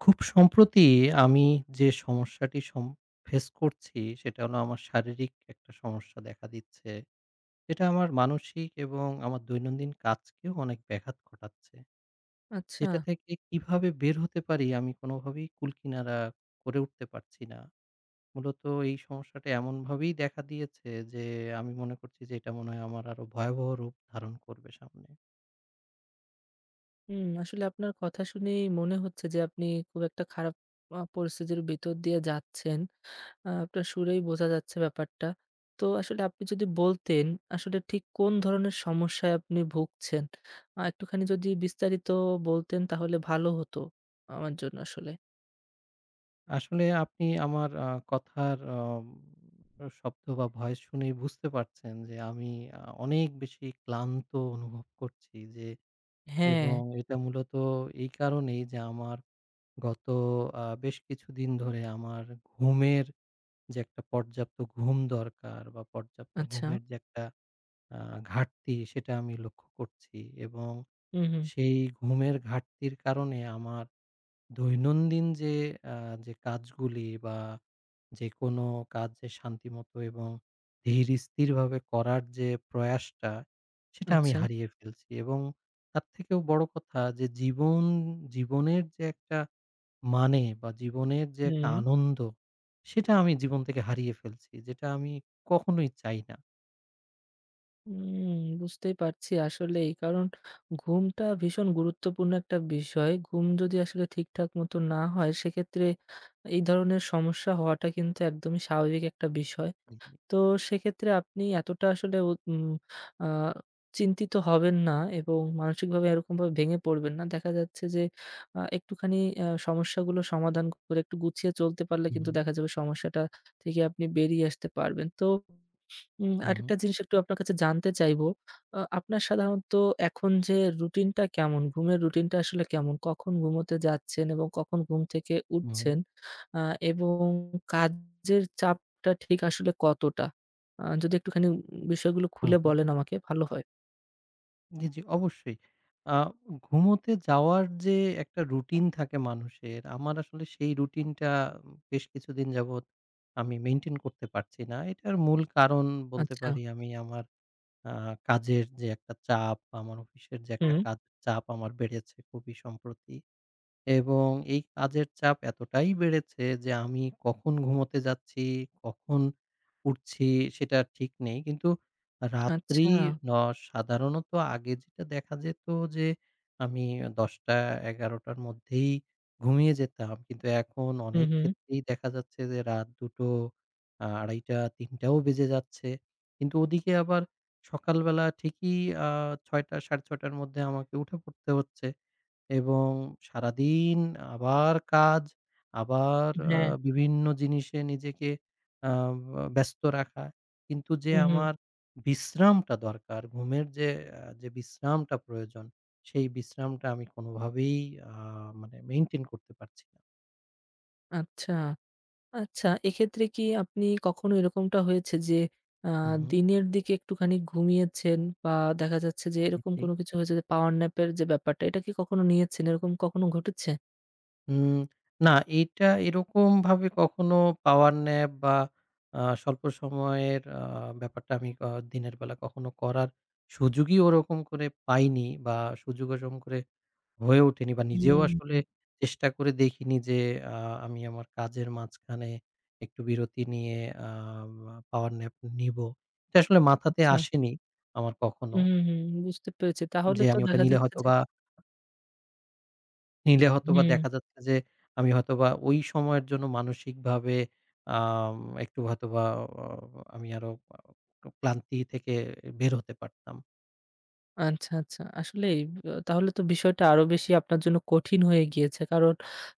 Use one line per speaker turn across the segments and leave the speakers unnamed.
খুব সম্প্রতি আমি যে সমস্যাটি সম face করছি সেটা হলো আমার শারীরিক একটা সমস্যা দেখা দিচ্ছে। যেটা আমার মানসিক এবং আমার দৈনন্দিন কাজকেও অনেক ব্যাঘাত ঘটাচ্ছে। যেটা
আচ্ছা।
থেকে কিভাবে বের হতে পারি আমি কোনোভাবেই কুলকিনারা করে উঠতে পারছি না। মূলত এই সমস্যাটা এমনভাবেই দেখা দিয়েছে যে, "আমি মনে করছি যে এটা মনে হয় আমার আরও ভয়াবহ রূপ ধারণ করবে সামনে"।
হুম, আসলে আপনার কথা শুনেই মনে হচ্ছে যে, আপনি খুব একটা খারাপ, আ পরিস্থিতির ভিতর দিয়ে যাচ্ছেন। আ আপনার সুরেই বোঝা যাচ্ছে ব্যাপারটা। তো আসলে আপনি যদি বলতেন আসলে ঠিক কোন ধরনের সমস্যায় আপনি ভুগছেন? আ একটুখানি যদি বিস্তারিত বলতেন তাহলে ভালো হতো আমার জন্য আসলে।
আসলে আপনি আমার আ কথার অ শব্দ বা voice শুনেই বুঝতে পারছেন যে, আমি আ অনেক বেশি ক্লান্ত অনুভব করছি যে এবং
হ্যাঁ।
এটা মূলত এই কারণেই যে আমার গত আ বেশ কিছুদিন ধরে আমার ঘুমের যে একটা পর্যাপ্ত ঘুম দরকার বা পর্যাপ্ত
আচ্ছা।
ঘুমের যে একটা আ ঘাটতি সেটা আমি লক্ষ্য করছি। এবং
হু, হু।
সেই ঘুমের ঘাটতির কারণে আমার দৈনন্দিন যে আ যে কাজগুলি বা যেকোনো কাজ যে শান্তিমত এবং ধীরস্থিরভাবে করার যে প্রয়াসটা, সেটা আমি
আচ্ছা।
হারিয়ে ফেলছি এবং তার থেকেও বড় কথা যে জীবন জীবনের, যে একটা মানে বা জীবনের যে একটা
হুম।
আনন্দ সেটা আমি জীবন থেকে হারিয়ে ফেলছি। যেটা আমি কখনোই চাই না।
হুম, বুঝতে পারছি আসলেই। কারণ ঘুমটা ভীষণ গুরুত্বপূর্ণ একটা বিষয়। ঘুম যদি আসলে ঠিকঠাক মতো না হয় সেক্ষেত্রে এই ধরনের সমস্যা হওয়াটা কিন্তু একদম স্বাভাবিক একটা বিষয়।
উ হু।
তো সেক্ষেত্রে আপনি এতটা আসলে উ উম আ চিন্তিত হবেন না এবং মানসিকভাবে এরকমভাবে ভেঙে পড়বেন না। দেখা যাচ্ছে যে আ একটুখানি আ সমস্যাগুলো সমাধান করে একটু গুছিয়ে চলতে পারলে
উ
কিন্তু
হু।
দেখা যাবে সমস্যাটা থেকে আপনি বেরিয়ে আসতে পারবেন। তো উম
উ হু।
আরেকটা জিনিস একটু আপনার কাছে জানতে চাইবো, আ আপনার সাধারণত এখন যে রুটিনটা কেমন? ঘুমের রুটিনটা আসলে কেমন? কখন ঘুমোতে যাচ্ছেন এবং কখন ঘুম থেকে
উ হু।
উঠছেন? আ এবং কাজের চাপটা ঠিক আসলে কতটা? আ যদি একটুখানি বিষয়গুলো
উ
খুলে
হু।
বলেন আমাকে ভালো হয়।
জি, জি অবশ্যই। আ ঘুমোতে যাওয়ার যে একটা routine থাকে মানুষের, আমার আসলে সেই routine টা বেশ কিছুদিন যাবত আমি maintain করতে পারছি না। এটার মূল কারণ বলতে
আচ্ছা।
পারি আমি আমার আ কাজের যে একটা চাপ, আমার অফিসের যে একটা
হুম।
কাজ চাপ আমার বেড়েছে খুবই সম্প্রতি এবং এই কাজের চাপ এতটাই বেড়েছে যে আমি কখন ঘুমোতে যাচ্ছি, কখন উঠছি সেটা ঠিক নেই। কিন্তু রাত্রি
আচ্ছা।
ন সাধারণত আগে যেটা দেখা যেত যে আমি ১০ঃ০০ ১১ঃ০০ র মধ্যেই ঘুমিয়ে যেতাম। কিন্তু এখন
হু,
অনেক
হুম।
ক্ষেত্রেই দেখা যাচ্ছে যে রাত ২ঃ০০-২ঃ৩০ ৩ঃ০০ ও বেজে যাচ্ছে। কিন্তু ওদিকে আবার সকালবেলা ঠিকই আ ৬ঃ০০ ৬ঃ৩০ এর মধ্যে আমাকে উঠে পড়তে হচ্ছে এবং সারাদিন আবার কাজ, আবার
উ
আ
হ্যাঁ।
বিভিন্ন জিনিসে নিজেকে আ ব ব্যস্ত রাখা। কিন্তু যে
উ হু।
আমার বিশ্রামটা দরকার, ঘুমের যে আ যে বিশ্রামটা প্রয়োজন সেই বিশ্রামটা আমি কোনোভাবেই আ মানে maintain করতে পারছি
আচ্ছা, আচ্ছা, এক্ষেত্রে কি আপনি কখনো এরকমটা হয়েছে যে, আ
হু, হু।
দিনের দিকে একটুখানি ঘুমিয়েছেন বা দেখা যাচ্ছে যে এরকম
[unintelligible]
কোনো কিছু হয়েছে যে power nap এর যে ব্যাপারটা এটা কি কখনো নিয়েছেন? এরকম কখনো ঘটেছে?
উ না, এইটা এরকমভাবে কখনো power nap বা আ স্বল্প সময়ের আ ব্যাপারটা আমি আ দিনের বেলা কখনো করার সুযোগই ওরকম করে পাইনি বা সুযোগও ওজম করে হয়ে ওঠেনি বা নিজেও আসলে
[unintelligible]
চেষ্টা করে দেখিনি যে আ আমি আমার কাজের মাঝখানে একটু বিরতি নিয়ে আ আ power nap নিব। এটা আসলে মাথাতে
আচ্ছা।
আসেনি আমার কখনো
হুম, হুম, বুঝতে পেরেছি। তাহলে
যে
তো
আমি ওটা
দেখা
নিলে
যাচ্ছে যে
হয়তোবা নিলে হয়তোবা
হুম।
দেখা যাচ্ছে যে আমি হয়তোবা ওই সময়ের জন্য মানসিকভাবে আম একটু হয়তোবা অ আমি আরও আ ক্লান্তি থেকে বের হতে পারতাম।
আচ্ছা, আচ্ছা, আসলে আ তাহলে তো বিষয়টা আরও বেশি আপনার জন্য কঠিন হয়ে গিয়েছে। কারণ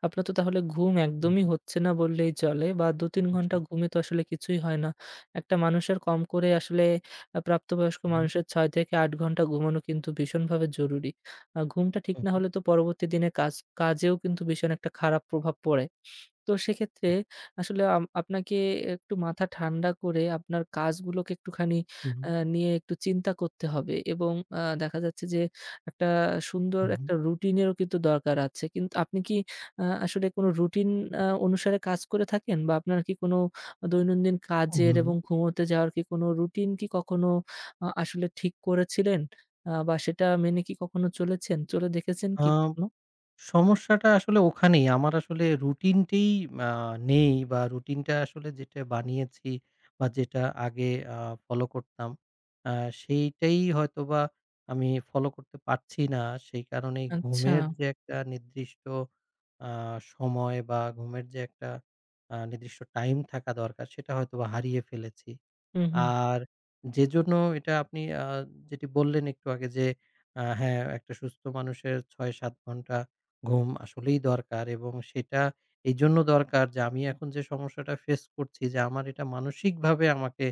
আপনার তো তাহলে ঘুম
উ
একদমই
হু।
হচ্ছে না বললেই চলে বা ২ ৩
উ
ঘণ্টা
জি।
ঘুমে তো আসলে কিছুই হয় না। একটা মানুষের কম করে আসলে আ প্রাপ্তবয়স্ক
হু।
মানুষের ৬-৮ ঘণ্টা ঘুমানো কিন্তু ভীষণভাবে জরুরি। আ ঘুমটা ঠিক
উ
না
হু।
হলে তো পরবর্তী দিনের কাজ কাজেও কিন্তু ভীষণ একটা খারাপ প্রভাব পড়ে। তো সেক্ষেত্রে
উ
আসলে আম আপনাকে একটু মাথা ঠান্ডা করে আপনার কাজগুলোকে একটুখানি
উ
আ
হু।
নিয়ে একটু চিন্তা করতে হবে এবং আ দেখা যাচ্ছে যে একটা সুন্দর
উ হু।
একটা রুটিনেরও কিন্তু দরকার আছে। কিন্তু আপনি কি, আ আসলে কোনো রুটিন আ অনুসারে কাজ করে থাকেন বা আপনার কি কোনো দৈনন্দিন কাজের
উ
এবং ঘুমোতে যাওয়ার কি কোনো রুটিন কি কখনো আ আসলে ঠিক করেছিলেন? আ বা সেটা মেনে কি কখনো চলেছেন, চলে দেখেছেন
আ
কি কখনো?
সমস্যাটা আসলে ওখানেই। আমার আসলে routineটিই আ নেই বা routineটা আসলে যেটা বানিয়েছি বা যেটা আগে আ follow করতাম আ সেইটাই হয়তোবা আমি follow করতে পারছি না। সেই কারণেই ঘুমের
আচ্ছা।
যে একটা নির্দিষ্ট আ সময় বা ঘুমের যে একটা আ নির্দিষ্ট time থাকা দরকার সেটা হয়তোবা হারিয়ে ফেলেছি।
হুম, হুম।
আর যেজন্য এটা আপনি আ যেটি বললেন একটু আগে যে আ হ্যাঁ, একটা সুস্থ মানুষের ৬ ৭ ঘণ্টা ঘুম আসলেই দরকার এবং সেটা এইজন্য দরকার যে আমি এখন যে সমস্যাটা face করছি যে আমার এটা মানসিকভাবে আমাকে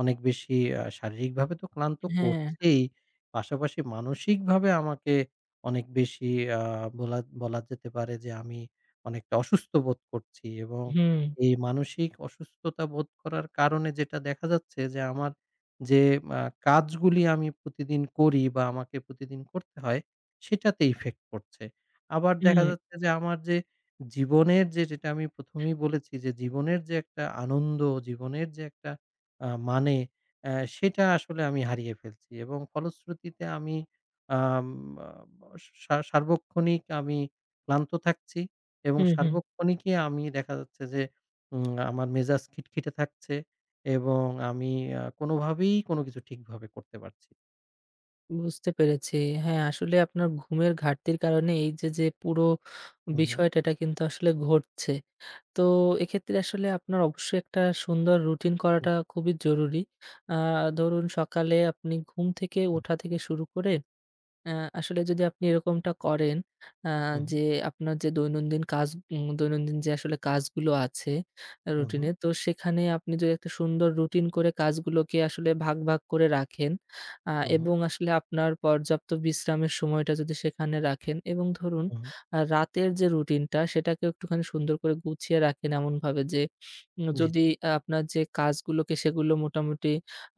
অনেক বেশি আ শারীরিকভাবে তো ক্লান্ত
হ্যাঁ।
করছেই, পাশাপাশি মানসিকভাবে আমাকে অনেক বেশি আ বলা বলা যেতে পারে যে আমি অনেকটা অসুস্থ বোধ করছি এবং
হুম।
এই মানসিক অসুস্থতা বোধ করার কারণে যেটা দেখা যাচ্ছে যে আমার যে মা কাজগুলি আমি প্রতিদিন করি বা আমাকে প্রতিদিন করতে হয় সেটাতে effect পড়ছে। আবার
উ
দেখা
হু।
যাচ্ছে যে আমার যে জীবনের যে যেটা আমি প্রথমেই বলেছি যে জীবনের যে একটা আনন্দ, জীবনের যে একটা আ মানে এ সেটা আসলে আমি হারিয়ে ফেলছি এবং ফলশ্রুতিতে আমি আম আ স সা সার্বক্ষণিক আমি ক্লান্ত থাকছি এবং
হুম, হুম।
সার্বক্ষণিকই আমি দেখা যাচ্ছে যে উম আমার মেজাজ খিটখিটে থাকছে এবং আমি আ কোনোভাবেই কোনো কিছু ঠিকভাবে করতে পারছি
বুঝতে পেরেছি। হ্যাঁ, আসলে আপনার ঘুমের ঘাটতির কারণে এইযে যে, পুরো
হুম।
বিষয়টা টা কিন্তু আসলে ঘটছে। তো এক্ষেত্রে আসলে আপনার অবশ্যই একটা সুন্দর routine
[unintelligible]
করাটা খুবই জরুরি। আ ধরুন সকালে আপনি ঘুম থেকে
হু,
ওঠা
হু।
থেকে শুরু করে, আ আসলে যদি আপনি এরকমটা করেন, আ
হু, হু।
যে আপনার যে দৈনন্দিন কাজ, উম দৈনন্দিন যে আসলে কাজগুলো আছে। আ
হু, হু।
routine এর, তো সেখানে আপনি যদি একটা সুন্দর routine করে কাজগুলোকে আসলে ভাগ ভাগ করে রাখেন, আ
হু।
এবং আসলে আপনার পর্যাপ্ত বিশ্রামের সময়টা যদি সেখানে রাখেন এবং ধরুন,
হু, হু।
আ রাতের যে routine টা সেটাকে একটুখানি সুন্দর করে গুছিয়ে রাখেন এমনভাবে যে, উ
জি,
যদি
জি।
আপনার যে কাজগুলোকে সেগুলো মোটামুটি,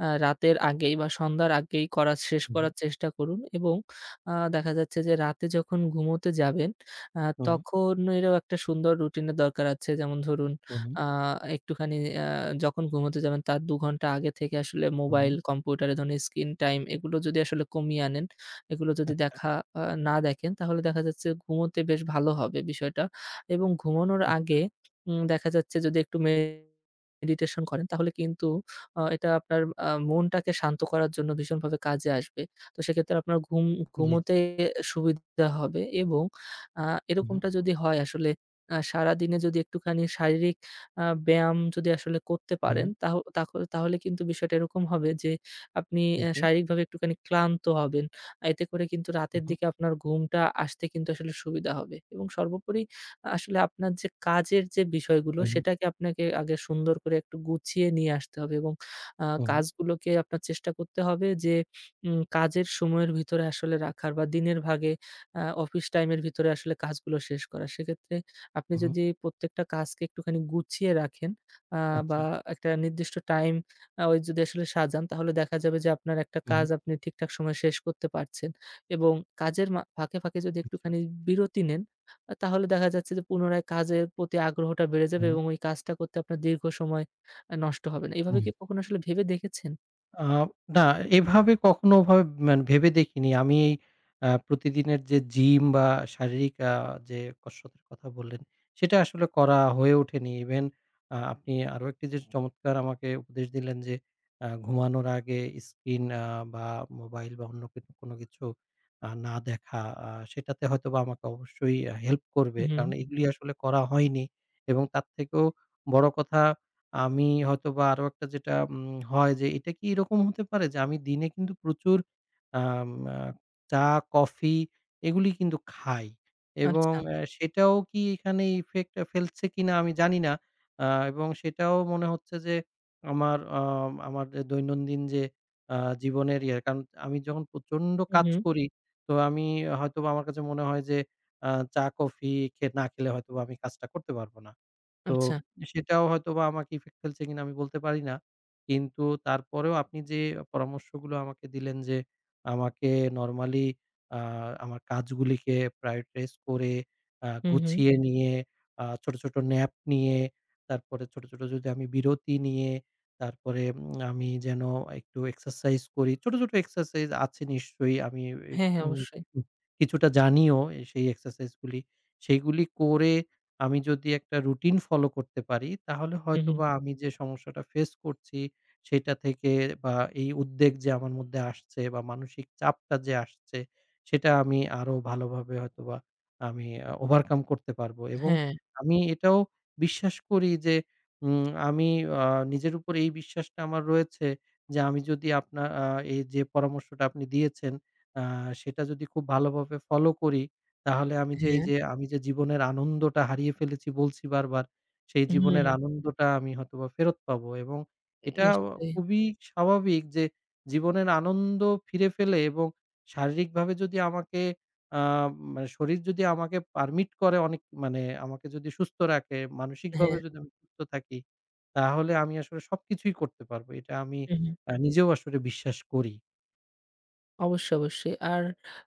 আ রাতের আগেই বা সন্ধ্যার আগেই করাস শেষ
হু, হু।
করার চেষ্টা করুন এবং, আ দেখা যাচ্ছে যে রাতে যখন ঘুমোতে যাবেন, আ
হু।
তখন এরও একটা সুন্দর routine এর দরকার আছে। যেমন ধরুন,
হু, হু।
আ একটুখানি, আ যখন ঘুমোতে যাবেন তার ২ ঘণ্টা আগে থেকে আসলে
হু,
মোবাইল,
হু।
কম্পিউটারে এ ধরণের screen time এগুলো যদি আসলে কমিয়ে আনেন, এগুলো যদি
আচ্ছা।
দেখা, আ না দেখেন তাহলে দেখা যাচ্ছে, ঘুমোতে বেশ ভালো হবে বিষয়টা। এবং ঘুমানোর
[unintelligible]
আগে উম দেখা যাচ্ছে যদি একটু মে ডিটেশন করেন তাহলে কিন্তু আ এটা আপনার আ মনটাকে শান্ত করার জন্য ভীষণভাবে কাজে আসবে। তো সেক্ষেত্রে আপনার ঘুম,
জি।
ঘুমোতে এ সুবিধা হবে এবং আ
উ হু।
এরকমটা যদি হয় আসলে আ সারাদিনে যদি একটুখানি শারীরিক আ ব্যায়াম যদি আসলে করতে পারেন
উহ
তাহও তাখ তাহলে কিন্তু বিষয়টা এরকম হবে যে, আপনি
জি,
এ্যা
জি।
শারীরিকভাবে একটুখানি ক্লান্ত হবেন। এতে করে কিন্তু
হু,
রাতের
হু।
দিকে আপনার ঘুমটা আসতে কিন্তু আসলে সুবিধা হবে। এবং সর্বোপরি আসলে আপনার যে কাজের যে বিষয়গুলো
[unintelligible]
সেটাকে আপনাকে আগে সুন্দর করে একটু গুছিয়ে নিয়ে আসতে হবে এবং আ
হু, হু।
কাজগুলোকে আপনার চেষ্টা করতে হবে যে, উম কাজের সময়ের ভিতরে আসলে রাখার বা দিনের ভাগে আ অফিস time এর ভিতরে আসলে কাজগুলো শেষ করা। সেক্ষেত্রে আপনি
হু, হু।
যদি প্রত্যেকটা কাজকে একটুখানি গুছিয়ে রাখেন, আ বা
আচ্ছা।
একটা নির্দিষ্ট time আ ওই যদি আসলে সাজান তাহলে দেখা যাবে যে আপনার একটা
হু, হু।
কাজ আপনি ঠিকঠাক সময়ে শেষ করতে পারছেন। এবং কাজের মা ফাঁকে, ফাঁকে যদি
আচ্ছা।
একটুখানি বিরতি নেন, আ তাহলে দেখা যাচ্ছে যে, পুনরায় কাজের প্রতি আগ্রহটা বেড়ে
হু,
যাবে
হু।
এবং ওই কাজটা করতে আপনার দীর্ঘ সময় আ নষ্ট হবে না। এভাবে
উহ
কি কখনো আসলে ভেবে দেখেছেন?
আ না। এভাবে কখনো ভা মানে ভেবে দেখিনি আমি আ প্রতিদিনের যে gym বা শারীরিক আ যে কসরতের কথা বললেন সেটা আসলে করা হয়ে ওঠেনি। Even আপনি আরও একটি যে চমৎকার আমাকে উপদেশ দিলেন যে আ ঘুমানোর আগে screen আ বা mobile বা অন্য ক কোনো কিছু আ না দেখা আ সেটাতে হয়তোবা আমাকে অবশ্যই help করবে। কারণ
হুম।
এগুলি আসলে করা হয়নি এবং তার থেকেও বড় কথা আ আমি হয়তোবা আরও একটা যেটা উম হয় যে এটা কি এরকম হতে পারে যে আমি দিনে কিন্তু প্রচুর আম আ চা, coffee এগুলি কিন্তু খাই এবং
আচ্ছা।
এ সেটাও কি এখানে effect ফেলছে কিনা আমি জানিনা আ এবং সেটাও মনে হচ্ছে যে আমার আ আমার যে দৈনন্দিন যে আ জীবনের ইয়ে। কারণ আমি যখন প্রচণ্ড
উ
কাজ
হুম।
করি তো আমি হয়তোবা আমার কাছে মনে হয় যে আ চা, coffee খে না খেলে হয়তোবা আমি কাজটা করতে পারবো না। তো
আচ্ছা।
সেটাও হয়তোবা আমাকে effect ফেলছে কিনা আমি বলতে পারি না। কিন্তু তারপরেও আপনি যে পরামর্শগুলো আমাকে দিলেন যে আমাকে normally আ আমার কাজগুলিকে prioritize করে আ
হুম, হুম।
গুছিয়ে নিয়ে আ ছোট, ছোট nap নিয়ে, তারপরে ছোট, ছোট যদি আমি বিরতি নিয়ে, তারপরে উম আমি যেন একটু exercise করি। ছোট, ছোট exercise আছে নিশ্চয়ই আমি এ বে
হ্যাঁ, হ্যাঁ,
উ
অবশ্যই।
কিছুটা জানিও সেই exercise গুলি। সেইগুলি করে আমি যদি একটা routine follow করতে পারি তাহলে
উ হুম।
হয়তোবা আমি যে সমস্যাটা face করছি সেটা থেকে বা এই উদ্বেগ যে আমার মধ্যে আসছে বা মানসিক চাপটা যে আসছে সেটা আমি আরও ভালোভাবে হয়তোবা আমি আ overcome করতে পারবো। এবং
হ্যাঁ।
আমি এটাও বিশ্বাস করি যে উম আমি আ নিজের উপর এই বিশ্বাসটা আমার রয়েছে যে আমি যদি আপনা আ এইযে পরামর্শটা আপনি দিয়েছেন আ সেটা যদি খুব ভালোভাবে follow করি তাহলে আমি যে
হ্যাঁ।
এইযে আমি যে জীবনের আনন্দটা হারিয়ে ফেলেছি বলছি বারবার সেই
উ
জীবনের
হুম।
আনন্দটা আমি হয়তোবা ফেরত পাবো। এবং এটা
নিশ্চয়ই।
খুবই স্বাভাবিক যে জীবনের আনন্দ ফিরে পেলে এবং শারীরিকভাবে যদি আমাকে আ মানে শরীর যদি আমাকে permit করে অনেক মানে আমাকে যদি সুস্থ রাখে, মানসিকভাবে
হ্যাঁ।
যদি আমি সুস্থ থাকি তাহলে আমি আসলে সবকিছুই করতে পারবো। এটা আমি
উ হুম।
আ নিজেও আসলে বিশ্বাস করি।
অবশ্যই, অবশ্যই। আর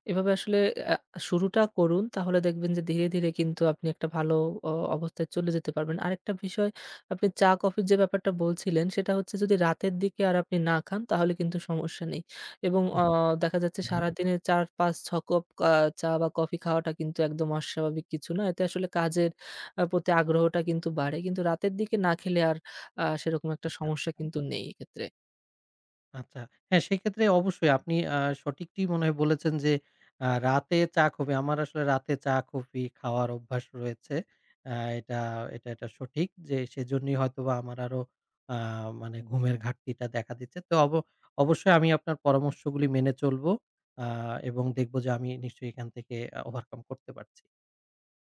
এভাবে আসলে অ্যা শুরুটা করুন তাহলে দেখবেন যে ধীরে, ধীরে কিন্তু আপনি একটা ভালো অ অবস্থায় চলে যেতে পারবেন। আরেকটা বিষয় আপনি চা, কফির যে ব্যাপারটা বলছিলেন সেটা হচ্ছে যদি রাতের দিকে আর আপনি না খান তাহলে কিন্তু সমস্যা নেই। এবং
আচ্ছা।
অ দেখা যাচ্ছে
হু, হুম।
সারাদিনে ৪, ৫, ৬ কপ কা চা বা কফি খাওয়াটা কিন্তু একদম অস্বাভাবিক কিছু না। এতে আসলে কাজের আ প্রতি আগ্রহটা কিন্তু বাড়ে। কিন্তু রাতের দিকে না খেলে আর আ সেরকম একটা
আচ্ছা,
সমস্যা
আচ্ছা।
কিন্তু নেই এক্ষেত্রে।
আচ্ছা, হ্যাঁ, সেক্ষেত্রে অবশ্যই আপনি আ সঠিকটিই মনে হয় বলেছেন যে আ রাতে চা, coffee আমার আসলে রাতে চা, coffee খাওয়ার অভ্যাস রয়েছে। আ এটা এটা এটা সঠিক যে সেজন্যই হয়তোবা আমার আরও আ মানে ঘুমের ঘাটতিটা দেখা দিচ্ছে। তো ওব অবশ্যই আমি আপনার পরামর্শগুলি মেনে চলবো আ এবং দেখবো যে আমি নিশ্চয়ই এখান থেকে আ overcome করতে পারছি।